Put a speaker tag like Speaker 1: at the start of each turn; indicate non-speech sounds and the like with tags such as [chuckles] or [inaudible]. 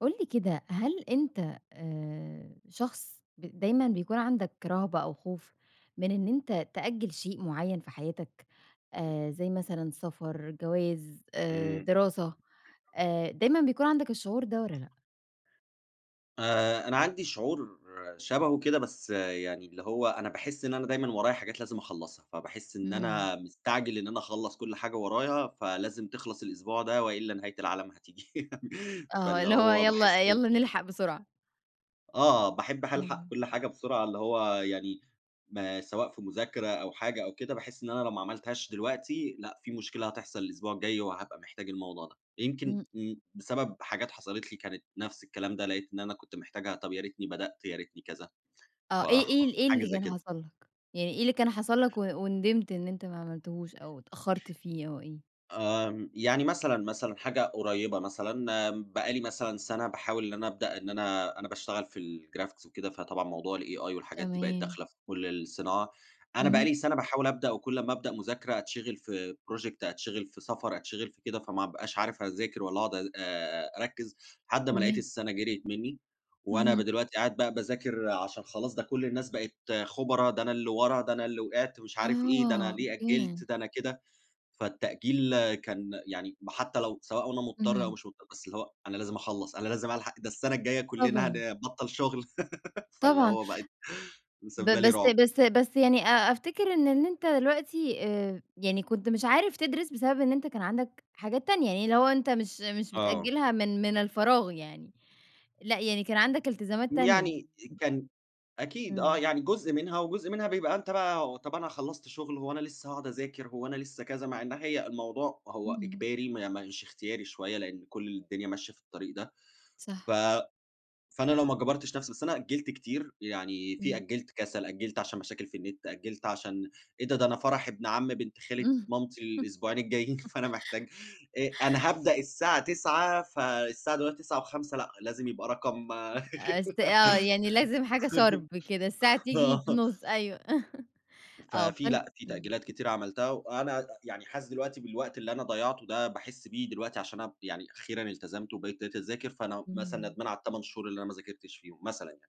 Speaker 1: قُل لي كده، هل أنت آآ شخص ب دايمًا بيكون عندك رهبة أو خوف من إن أنت تأجّل شيء معيّن في حياتك
Speaker 2: [unintelligible]
Speaker 1: آآ زي مثلًا سَفَر، جَواز، آآ
Speaker 2: إمم.
Speaker 1: دراسة، آآ، دايمًا بيكون عندك الشعور ده والّا لأ؟
Speaker 2: آآ، أنا عندي شعور شَبهه كده، بس يعني اللي هو أنا باحِس إن أنا دايمًا ورايا حاجات لازم أخلّصها. فباحِس إن
Speaker 1: إمم.
Speaker 2: أنا مستعجل إن أنا أخلّص كل حاجة ورايا، فلازم تخلص الأسبوع ده وإلّا نهاية العالم هتيجي. [laughs]
Speaker 1: آه
Speaker 2: فاللي
Speaker 1: .اللي هو
Speaker 2: هو
Speaker 1: يالّا
Speaker 2: باحِس إن
Speaker 1: يالّا نلحق بسرعة.
Speaker 2: آه. باحب ح ألحق
Speaker 1: اهم.
Speaker 2: كل حاجة بسرعة اللي هو يعني ما سواء في مذاكرة أو حاجة أو كده، باحِس إن أنا لو ما عملتهاش دلوقتي، لأ، في مشكلة هتحصل الأسبوع الجاي وهابقى محتاج الموضوع ده. يمكن
Speaker 1: إمم.
Speaker 2: امم، بسبب حاجات حصلت لي كانت نفس الكلام ده، لقيت إن أنا كنت محتاجها، طب يا ريتني بدأت، يا ريتني كذا، ف
Speaker 1: آه. إيه إيه
Speaker 2: [chuckles]
Speaker 1: إيه
Speaker 2: حاجة
Speaker 1: اللي
Speaker 2: زي
Speaker 1: كان
Speaker 2: كده.
Speaker 1: حصل لك؟ يعني إيه اللي كان حصل لك و وندِمت إن أنت ما عملتهوش أو اتأخّرت فيه أو إيه؟
Speaker 2: آمم، يعني مثلًا، مثلًا حاجة قريّبة مثلًا، بقى لي مثلًا سَنة باحاول إن أنا أبدأ إن أنا أنا باشتغل في الgraphic وكده، فطبعًا موضوع الAI والحاجات دي بقت
Speaker 1: تمام.
Speaker 2: داخلة في كل الصناعة، أنا بقى
Speaker 1: اهم.
Speaker 2: لي سَنة باحاول أبدأ وكل أمّا أبدأ مذاكرة أتشِغل في project، أتشِغل في سَفَر، أتشِغل في كده، فما أبقاش عارف أذاكر والّا أقعد آآ أركِّز، لحد ما لقيت
Speaker 1: تمام.
Speaker 2: السَنة جرْيت منّي وأنا ب
Speaker 1: اهم.
Speaker 2: دلوقتي قاعد بقى باذاكر عشان خلاص، ده كل الناس بقت خُبرا، ده أنا اللي ورا، ده أنا اللي وقعت مش عارف إيه، ده
Speaker 1: آه،
Speaker 2: أنا ليه
Speaker 1: أوكي، يعني
Speaker 2: أجِّلت؟ ده أنا كده. فالتأجيل كان يعني م حتّى لو سواء وأنا مضطر أو
Speaker 1: اهم.
Speaker 2: مش مضطر، بس اللي هو أنا لازم أخلّص، أنا لازم ألحق، ده السَنة الجايّة كُلّنا
Speaker 1: طبعًا.
Speaker 2: هنبطّل شُغل. [laughs] فاللي
Speaker 1: طبعًا.
Speaker 2: هو بقت
Speaker 1: ب
Speaker 2: مسبِّبة لي
Speaker 1: بس
Speaker 2: رُعب.
Speaker 1: بس بس يعني أ أفتِكر إن إن أنت دلوقتي آآ، يعني كنت مش عارف تدرِس بسبب إن أنت كان عندك حاجات تانية، يعني اللي هو أنت مش مش
Speaker 2: آه.
Speaker 1: بتأجِّلها من من الفراغ يعني، لأ، يعني كان عندك التزامات تانية.
Speaker 2: يعني
Speaker 1: [unintelligible]
Speaker 2: كان أكيد آه،
Speaker 1: إمم.
Speaker 2: يعني جزء منها وجزء منها بيبقى أنت بقى طب أنا خلّصت شُغل هو أنا لسّه هاقعد أذاكر، هو أنا لسّه كذا، مع إن هي الموضوع هو
Speaker 1: إمم.
Speaker 2: إجباري ما مش اختياري شوية، لإن كل الدنيا ماشية في الطريق ده، ف
Speaker 1: صح.
Speaker 2: فأنا لو ما جبرتش نفسي بس أنا أجِّلت كتير، يعني في
Speaker 1: إمم.
Speaker 2: أجِّلت كَسَل، أجِّلت عشان مشاكل في النِت، أجِّلت عشان إيه ده؟ ده أنا فرح ابن عمّي بنت خالة
Speaker 1: إمم.
Speaker 2: مامتي الأسبوعين الجايين،
Speaker 1: [chuckles]
Speaker 2: فأنا محتاج آآ، أنا هابدأ الساعة 21:00، فالساعة دلوقتي 21:05 لأ، لازم يبقى رقم
Speaker 1: است آه. يعني لازم حاجة
Speaker 2: [giggles]
Speaker 1: sharp كده، الساعة تيجي
Speaker 2: آه.
Speaker 1: في النُص، أيوه. [chuckles] آه.
Speaker 2: ففيه
Speaker 1: فأن
Speaker 2: لأ، في
Speaker 1: إمم.
Speaker 2: تأجيلات كتيرة عملتها وأنا ع يعني حاسس دلوقتي بالوقت اللي أنا ضيّعته ده باحِس بيه دلوقتي عشان أب يعني أخيرًا التزمت وبقيت دلوقتي أذاكر، فأنا مثلًا
Speaker 1: إمم.
Speaker 2: ندمان على ال8 شهور اللي أنا ما ذاكرتش فيهم، مثلًا يعني.